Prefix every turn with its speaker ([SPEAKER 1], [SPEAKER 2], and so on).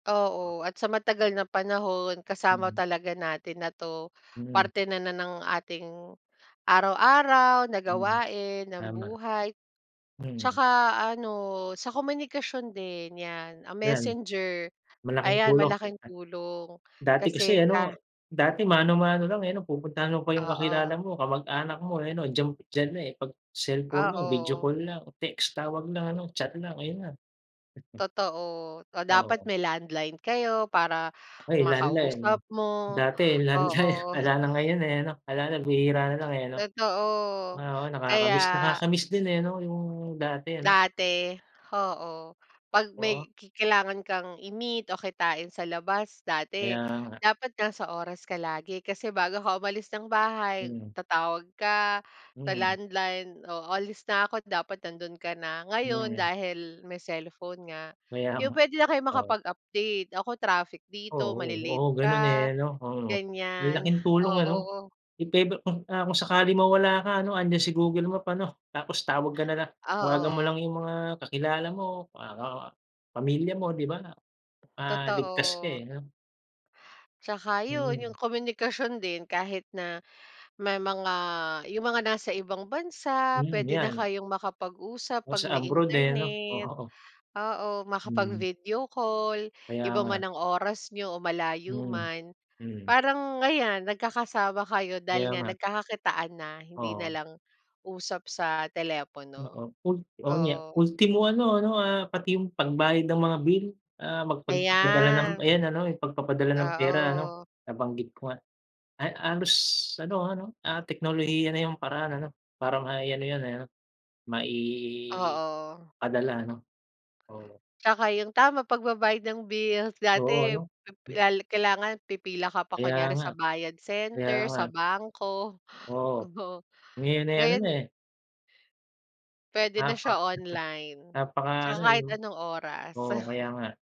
[SPEAKER 1] Oo. At sa matagal na panahon kasama
[SPEAKER 2] Mhm.
[SPEAKER 1] talaga natin na ‘to,
[SPEAKER 2] Hmm.
[SPEAKER 1] parte na na ng ating araw-araw na
[SPEAKER 2] Mhm,
[SPEAKER 1] gawain, ng
[SPEAKER 2] tama.
[SPEAKER 1] buhay.
[SPEAKER 2] Hmm.
[SPEAKER 1] Tsaka ano, sa komunikasyon din 'yan, ah,
[SPEAKER 2] ‘Yan,
[SPEAKER 1] Messenger,
[SPEAKER 2] malaking
[SPEAKER 1] ayan
[SPEAKER 2] tulong
[SPEAKER 1] malaking
[SPEAKER 2] [unintelligible]
[SPEAKER 1] tulong.
[SPEAKER 2] dati kasi
[SPEAKER 1] Kasi
[SPEAKER 2] ano,
[SPEAKER 1] ka
[SPEAKER 2] dati mano-mano lang eh 'no, pupuntahan mo pa yung kakilala
[SPEAKER 1] Oo.
[SPEAKER 2] mo, kamag-anak mo, eh 'no. Diyan diyan na, eh, ‘pag cellphone na, video
[SPEAKER 1] Oo.
[SPEAKER 2] call lang, text, tawag lang ano, chat lang, ayun na. Mm.
[SPEAKER 1] Totoo, o dapat
[SPEAKER 2] Oo.
[SPEAKER 1] may landline kayo para
[SPEAKER 2] Ay, landline.
[SPEAKER 1] makausap mo.
[SPEAKER 2] Dati landline
[SPEAKER 1] Oo.
[SPEAKER 2] wala na ngayon, eh ano, wala na bihira nalang, eh, ano.
[SPEAKER 1] Totoo,
[SPEAKER 2] Ah, oo
[SPEAKER 1] kaya
[SPEAKER 2] nakaka-miss, nakaka-miss din, eh, ano, yung dati ano.
[SPEAKER 1] Dati, oo. ‘Pag
[SPEAKER 2] Oo.
[SPEAKER 1] may ki kailangan kang i-meet o kitain sa labas dati
[SPEAKER 2] Kaya nga.
[SPEAKER 1] dapat nasa sa oras ka lagi. Kasi bago ka umalis ng bahay,
[SPEAKER 2] Mhm.
[SPEAKER 1] tatawag ka sa
[SPEAKER 2] Mm.
[SPEAKER 1] landline. “Oh, alis na ako’t dapat nandun ka na.” Ngayon
[SPEAKER 2] Hmm.
[SPEAKER 1] dahil may cellphone nga,
[SPEAKER 2] Kaya
[SPEAKER 1] yun
[SPEAKER 2] nga,
[SPEAKER 1] pwede na kayong
[SPEAKER 2] oo.
[SPEAKER 1] makapag-update. Nako traffic dito,
[SPEAKER 2] Oo.
[SPEAKER 1] male-late
[SPEAKER 2] Oo, ganun,
[SPEAKER 1] ka
[SPEAKER 2] eh, ano. Oo, ang
[SPEAKER 1] ganiyan,
[SPEAKER 2] laking
[SPEAKER 1] oh
[SPEAKER 2] tulong ano.
[SPEAKER 1] oo
[SPEAKER 2] If ever kung ah, sakali mawala ka ano, andiyan si Google Map ano, tapos tawag ka na lang. Tawagan mo lang
[SPEAKER 1] Oo.
[SPEAKER 2] yung mga kakilala mo, mga ka pamilya mo 'di ba, ah, ligtas ka
[SPEAKER 1] Totoo.
[SPEAKER 2] eh, ano.
[SPEAKER 1] Tsaka yun,
[SPEAKER 2] Mm.
[SPEAKER 1] yung komunikasyon din kahit na may mga yung mga nasa ibang bansa
[SPEAKER 2] Mhm,
[SPEAKER 1] pwede na
[SPEAKER 2] ‘yan.
[SPEAKER 1] kayong makapag-usap
[SPEAKER 2] O, sa
[SPEAKER 1] pag may
[SPEAKER 2] abroad, eh, ano, o
[SPEAKER 1] internet.
[SPEAKER 2] oo.
[SPEAKER 1] Oo,
[SPEAKER 2] Hmm.
[SPEAKER 1] makapag-video call,
[SPEAKER 2] Kaya
[SPEAKER 1] iba
[SPEAKER 2] nga.
[SPEAKER 1] man ang oras niyo o malayo
[SPEAKER 2] Mhm,
[SPEAKER 1] man,
[SPEAKER 2] hmm.
[SPEAKER 1] parang ayan nagkakasama kayo dahil
[SPEAKER 2] Kaya
[SPEAKER 1] nga
[SPEAKER 2] nga.
[SPEAKER 1] nagkakakitaan na, hindi
[SPEAKER 2] Oo.
[SPEAKER 1] nalang usap sa
[SPEAKER 2] Oo,
[SPEAKER 1] telepono.
[SPEAKER 2] ul oo, niya
[SPEAKER 1] Oo.
[SPEAKER 2] ultimo ano, ano, ah, pati yung pagbayad ng mga bill, ah, magpad padala ng
[SPEAKER 1] Ayan.
[SPEAKER 2] ayan ano, pagpapadala ng pera ano,
[SPEAKER 1] Oo.
[SPEAKER 2] nabanggit ko nga. Ay halos ano, ano, ah, teknolohiya na yung paraan ano, para mai ano ‘yan eh ano, maipadala
[SPEAKER 1] Oo.
[SPEAKER 2] ano. Oo.
[SPEAKER 1] Tsaka yung tama pagbabayad ng bills.
[SPEAKER 2] Oo
[SPEAKER 1] Dati
[SPEAKER 2] ano,
[SPEAKER 1] pip
[SPEAKER 2] hmm.
[SPEAKER 1] la kailangan pipila ka pa
[SPEAKER 2] Kaya
[SPEAKER 1] kunyari
[SPEAKER 2] nga,
[SPEAKER 1] sa bayad
[SPEAKER 2] kaya
[SPEAKER 1] center,
[SPEAKER 2] nga.
[SPEAKER 1] sa bangko.
[SPEAKER 2] Oo.
[SPEAKER 1] Oo,
[SPEAKER 2] Ngayon, eh, ano
[SPEAKER 1] ngayon
[SPEAKER 2] na, eh. Napak
[SPEAKER 1] Pwede na siya online,
[SPEAKER 2] napaka
[SPEAKER 1] tsaka
[SPEAKER 2] ano, eh,
[SPEAKER 1] kahit
[SPEAKER 2] ‘no.
[SPEAKER 1] anong oras.
[SPEAKER 2] Oo, kaya nga.